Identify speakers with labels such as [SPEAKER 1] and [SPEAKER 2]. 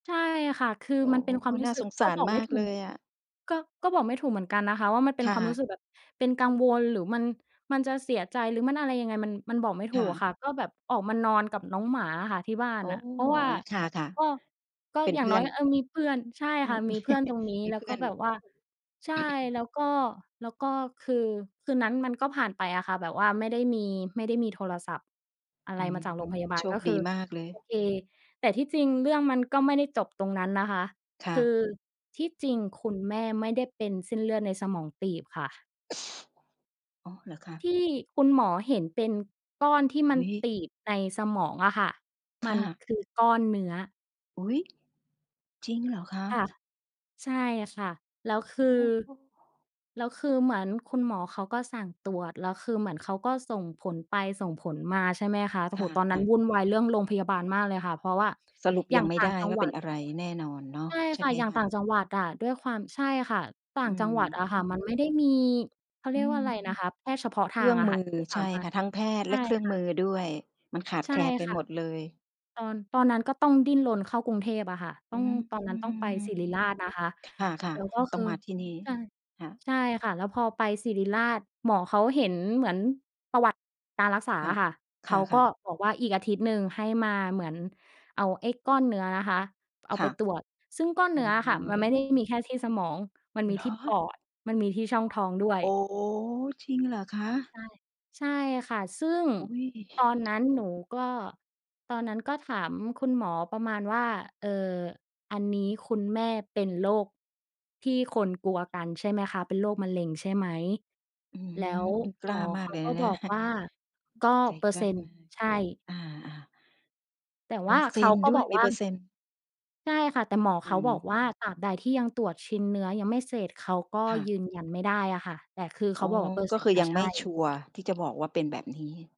[SPEAKER 1] ใช่ค่ะ คือ
[SPEAKER 2] โอ้
[SPEAKER 1] มัน
[SPEAKER 2] โ
[SPEAKER 1] เ
[SPEAKER 2] ฮ!
[SPEAKER 1] ป็นค
[SPEAKER 2] เ
[SPEAKER 1] ว
[SPEAKER 2] อ
[SPEAKER 1] าม
[SPEAKER 2] อ
[SPEAKER 1] รู
[SPEAKER 2] น
[SPEAKER 1] ้
[SPEAKER 2] ่า
[SPEAKER 1] สึ
[SPEAKER 2] ส
[SPEAKER 1] ก
[SPEAKER 2] งส
[SPEAKER 1] ก็
[SPEAKER 2] าร
[SPEAKER 1] บอก
[SPEAKER 2] ม
[SPEAKER 1] ไม่
[SPEAKER 2] าก
[SPEAKER 1] ถู
[SPEAKER 2] เล
[SPEAKER 1] ก
[SPEAKER 2] ยอะ
[SPEAKER 1] ก็ ก็บอกไม่ถูกเหมือนกันนะคะว่า มันเป
[SPEAKER 2] ค
[SPEAKER 1] ็น
[SPEAKER 2] ่
[SPEAKER 1] ความรู้ส
[SPEAKER 2] ะ
[SPEAKER 1] ึกแบบเป็นกังวลหรือมัน มันจะเสียใจหรือมันอะไรยังไง มัน มันบอกไม่ถ
[SPEAKER 2] ค
[SPEAKER 1] ู
[SPEAKER 2] ่
[SPEAKER 1] กอะ
[SPEAKER 2] ะ
[SPEAKER 1] ค่ะ ก็แบบออกมานอนกับน้องหมาอะค่ะที่บ้า
[SPEAKER 2] โ
[SPEAKER 1] น
[SPEAKER 2] อ้!
[SPEAKER 1] น่ะ เพราะว่า
[SPEAKER 2] ค่ะ
[SPEAKER 1] ก็ ก็
[SPEAKER 2] ๆ เป็น
[SPEAKER 1] อย่
[SPEAKER 2] เพ
[SPEAKER 1] าง
[SPEAKER 2] ื่
[SPEAKER 1] น้
[SPEAKER 2] อ
[SPEAKER 1] อย
[SPEAKER 2] น
[SPEAKER 1] เออ มีเพื่อน ใช่
[SPEAKER 2] อื
[SPEAKER 1] ค่ะ
[SPEAKER 2] ม
[SPEAKER 1] มีเพื่อนตรงนี้
[SPEAKER 2] มี
[SPEAKER 1] แล้
[SPEAKER 2] เ
[SPEAKER 1] ว
[SPEAKER 2] พื่
[SPEAKER 1] ก็
[SPEAKER 2] อน
[SPEAKER 1] แบบว่า ใช่ แล้วก็ แล้วก็คือคืนนั้นมันก็ผ่านไปอะค่ะ แบบว่าไม่ได้มี ไม่ได้มีโทรศัพท์อะไ
[SPEAKER 2] อ
[SPEAKER 1] ร
[SPEAKER 2] ื
[SPEAKER 1] ม
[SPEAKER 2] อ
[SPEAKER 1] าจากโรงพยาบา
[SPEAKER 2] โช
[SPEAKER 1] ล ก
[SPEAKER 2] ค
[SPEAKER 1] ็ค
[SPEAKER 2] ด
[SPEAKER 1] ือ
[SPEAKER 2] ีมากเลย
[SPEAKER 1] โอเค แต่ที่จริงเรื่องมันก็ไม่ได้จบตรงนั้นนะคะ
[SPEAKER 2] ค่
[SPEAKER 1] คื
[SPEAKER 2] ะ
[SPEAKER 1] อที่จริงคุณแม่ไม่ได้เป็นเส้นเลือดในสมองตีบค่ะ
[SPEAKER 2] อ๋อ เหรอคะ?
[SPEAKER 1] ที่คุณหมอเห็นเป็นก้อนที่
[SPEAKER 2] อ
[SPEAKER 1] มั
[SPEAKER 2] ุ
[SPEAKER 1] น
[SPEAKER 2] ๊ย!
[SPEAKER 1] ตีบในสมองอะค่ะ ม
[SPEAKER 2] ค
[SPEAKER 1] ั
[SPEAKER 2] ่
[SPEAKER 1] น
[SPEAKER 2] ะ
[SPEAKER 1] คือก้อนเนื้อ
[SPEAKER 2] อุ๊ย! จริงเหรอคะ?
[SPEAKER 1] ค่ะ ใช่ค่ะ แล้วค
[SPEAKER 2] โ
[SPEAKER 1] ื
[SPEAKER 2] อ
[SPEAKER 1] อ
[SPEAKER 2] ้โฮ
[SPEAKER 1] แล้วคือเหมือนคุณหมอเขาก็สั่งตรวจ แล้วคือเหมือนเขาก็ส่งผลไปส่งผลมา ใช่ไหมคะ โอ้
[SPEAKER 2] ค
[SPEAKER 1] โฮ ตอนนั
[SPEAKER 2] ่
[SPEAKER 1] ้
[SPEAKER 2] ะ
[SPEAKER 1] น
[SPEAKER 2] ๆ
[SPEAKER 1] วุ่นวายเรื่องโรงพยาบาลมากเลยค่ะ เพราะว่า
[SPEAKER 2] สรุป
[SPEAKER 1] อย่
[SPEAKER 2] ยั
[SPEAKER 1] า
[SPEAKER 2] ง
[SPEAKER 1] ง
[SPEAKER 2] ไม่
[SPEAKER 1] ต่า
[SPEAKER 2] ได
[SPEAKER 1] ง
[SPEAKER 2] ้
[SPEAKER 1] จัง
[SPEAKER 2] ว่า
[SPEAKER 1] หว
[SPEAKER 2] เป
[SPEAKER 1] ั
[SPEAKER 2] ็น
[SPEAKER 1] ด
[SPEAKER 2] อะไรแน่นอนเนาะ
[SPEAKER 1] ใช่
[SPEAKER 2] ใช
[SPEAKER 1] ค
[SPEAKER 2] ่
[SPEAKER 1] ่
[SPEAKER 2] ไ
[SPEAKER 1] ะ
[SPEAKER 2] หม
[SPEAKER 1] อย่าง
[SPEAKER 2] ค
[SPEAKER 1] ต
[SPEAKER 2] ะ?
[SPEAKER 1] ่างจังหวัดอะ ด้วยความ ใช่ค่ะ ต่า
[SPEAKER 2] อื
[SPEAKER 1] งจังหวัดอะค่ะ มัน
[SPEAKER 2] ม
[SPEAKER 1] ไม่ได้มี เขาเ
[SPEAKER 2] อ
[SPEAKER 1] ร
[SPEAKER 2] ื
[SPEAKER 1] ียกว่
[SPEAKER 2] ม
[SPEAKER 1] าอะไรนะคะ แพทย์เฉพาะ
[SPEAKER 2] เ
[SPEAKER 1] ท
[SPEAKER 2] ค
[SPEAKER 1] า
[SPEAKER 2] รื่
[SPEAKER 1] ง
[SPEAKER 2] อง
[SPEAKER 1] อะ
[SPEAKER 2] ม
[SPEAKER 1] ค
[SPEAKER 2] ื
[SPEAKER 1] ่ะ
[SPEAKER 2] อ
[SPEAKER 1] ที่ส
[SPEAKER 2] ใช
[SPEAKER 1] า
[SPEAKER 2] ่
[SPEAKER 1] มาร
[SPEAKER 2] ค่
[SPEAKER 1] ถ
[SPEAKER 2] ะ ทั้งแพทย
[SPEAKER 1] ใ
[SPEAKER 2] ์
[SPEAKER 1] ช
[SPEAKER 2] แล
[SPEAKER 1] ่
[SPEAKER 2] ะเครื่อง
[SPEAKER 1] ค่
[SPEAKER 2] มื
[SPEAKER 1] ะ
[SPEAKER 2] อด้วย มันขาด
[SPEAKER 1] ใช
[SPEAKER 2] แ
[SPEAKER 1] ่
[SPEAKER 2] คลนไป
[SPEAKER 1] ค่ะ
[SPEAKER 2] หมดเลย
[SPEAKER 1] ตอน ตอนนั้นก็ต้องดิ้นรนเข้ากรุงเทพฯ อะค่ะ ต
[SPEAKER 2] อ
[SPEAKER 1] ้
[SPEAKER 2] ื
[SPEAKER 1] อง
[SPEAKER 2] ม
[SPEAKER 1] ตอนนั้นต้องไปศิริราชนะคะ
[SPEAKER 2] ค่ะ
[SPEAKER 1] แล้วก็
[SPEAKER 2] ๆ ต
[SPEAKER 1] ค
[SPEAKER 2] ้อง
[SPEAKER 1] ือ
[SPEAKER 2] มาที่นี่
[SPEAKER 1] ใช่
[SPEAKER 2] ค่ะ
[SPEAKER 1] ใช่ค่ะ แล้วพอไปศิริราช หมอเขาเห็นเหมือนประวัติการรักษา
[SPEAKER 2] ค่ะ
[SPEAKER 1] อะค่ะ เ
[SPEAKER 2] ค
[SPEAKER 1] ขาก
[SPEAKER 2] ่
[SPEAKER 1] ็
[SPEAKER 2] ะ ๆ
[SPEAKER 1] บอกว่า "อีกอาทิตย์หนึ่งให้มา" เหมือนเอาไอ้ก้อนเนื้อนะคะเอา
[SPEAKER 2] ค
[SPEAKER 1] ไ
[SPEAKER 2] ่
[SPEAKER 1] ป
[SPEAKER 2] ะ
[SPEAKER 1] ตรวจ ซึ่งก้อน
[SPEAKER 2] โอ
[SPEAKER 1] เน
[SPEAKER 2] ้
[SPEAKER 1] ื้อ
[SPEAKER 2] โ
[SPEAKER 1] อ
[SPEAKER 2] ฮ
[SPEAKER 1] ะค่ะมันไม่ได้มีแค่ที่สมอง มันมี
[SPEAKER 2] เหร
[SPEAKER 1] ที่ป
[SPEAKER 2] อ?
[SPEAKER 1] อด มันมีที่ช่องท้องด้วย
[SPEAKER 2] โอ้! จริงเหรอคะ?
[SPEAKER 1] ใช่ ใช่ค่ะ ซึ่ง
[SPEAKER 2] อุ๊ย!
[SPEAKER 1] ตอนนั้นหนูก็ ตอนนั้นก็ถามคุณหมอประมาณว่า "เอ่อ อันนี้คุณแม่เป็นโรคที่คนกลัวกันใช่ไหมคะ? เป็นโรคมะเร็งใช่ไหม?"
[SPEAKER 2] อื้อ
[SPEAKER 1] แ
[SPEAKER 2] ฮ
[SPEAKER 1] ล
[SPEAKER 2] ื
[SPEAKER 1] ้
[SPEAKER 2] อ
[SPEAKER 1] ว
[SPEAKER 2] คุณก
[SPEAKER 1] ห
[SPEAKER 2] ล
[SPEAKER 1] ม
[SPEAKER 2] ้า
[SPEAKER 1] อ
[SPEAKER 2] ม
[SPEAKER 1] เ
[SPEAKER 2] า
[SPEAKER 1] ข
[SPEAKER 2] ก
[SPEAKER 1] า
[SPEAKER 2] เลย
[SPEAKER 1] ก
[SPEAKER 2] น
[SPEAKER 1] ็
[SPEAKER 2] ะ เน
[SPEAKER 1] บ
[SPEAKER 2] ี่ย
[SPEAKER 1] อกว่า "ก็
[SPEAKER 2] ใจ
[SPEAKER 1] เปอ
[SPEAKER 2] ก
[SPEAKER 1] ร์
[SPEAKER 2] ล้
[SPEAKER 1] เซ
[SPEAKER 2] า
[SPEAKER 1] ็นต์
[SPEAKER 2] มาก
[SPEAKER 1] ใช่"
[SPEAKER 2] อา ๆ
[SPEAKER 1] แต่
[SPEAKER 2] เป
[SPEAKER 1] ว
[SPEAKER 2] อ
[SPEAKER 1] ่
[SPEAKER 2] ร
[SPEAKER 1] า
[SPEAKER 2] ์เ
[SPEAKER 1] เ
[SPEAKER 2] ซ
[SPEAKER 1] ข
[SPEAKER 2] ็
[SPEAKER 1] า
[SPEAKER 2] นต์
[SPEAKER 1] ก็
[SPEAKER 2] ด้
[SPEAKER 1] บ
[SPEAKER 2] วย
[SPEAKER 1] อก
[SPEAKER 2] มี
[SPEAKER 1] ว่
[SPEAKER 2] เ
[SPEAKER 1] า
[SPEAKER 2] ปอร์เซ็นต์
[SPEAKER 1] ใช่ค่ะ แต่หมอ
[SPEAKER 2] อ
[SPEAKER 1] เ
[SPEAKER 2] ื
[SPEAKER 1] ขา
[SPEAKER 2] อฮ
[SPEAKER 1] บอกว่า
[SPEAKER 2] ึ
[SPEAKER 1] ตราบใดที่ยังตรวจชิ้นเนื้อยังไม่เสร็จ เขาก็
[SPEAKER 2] ค่
[SPEAKER 1] ย
[SPEAKER 2] ะ
[SPEAKER 1] ืนยันไม่ได้อะค่ะ แต่คือเข
[SPEAKER 2] อ๋
[SPEAKER 1] า
[SPEAKER 2] อ
[SPEAKER 1] บอก "เปอร์
[SPEAKER 2] ก
[SPEAKER 1] เซ
[SPEAKER 2] ็
[SPEAKER 1] ็น
[SPEAKER 2] ค
[SPEAKER 1] ต
[SPEAKER 2] ื
[SPEAKER 1] ์
[SPEAKER 2] อ
[SPEAKER 1] น่
[SPEAKER 2] ย
[SPEAKER 1] ะ
[SPEAKER 2] ัง
[SPEAKER 1] ใช
[SPEAKER 2] ไม
[SPEAKER 1] ่"
[SPEAKER 2] ่ชัวร์ ที่จะบอกว่าเป็นแบบนี้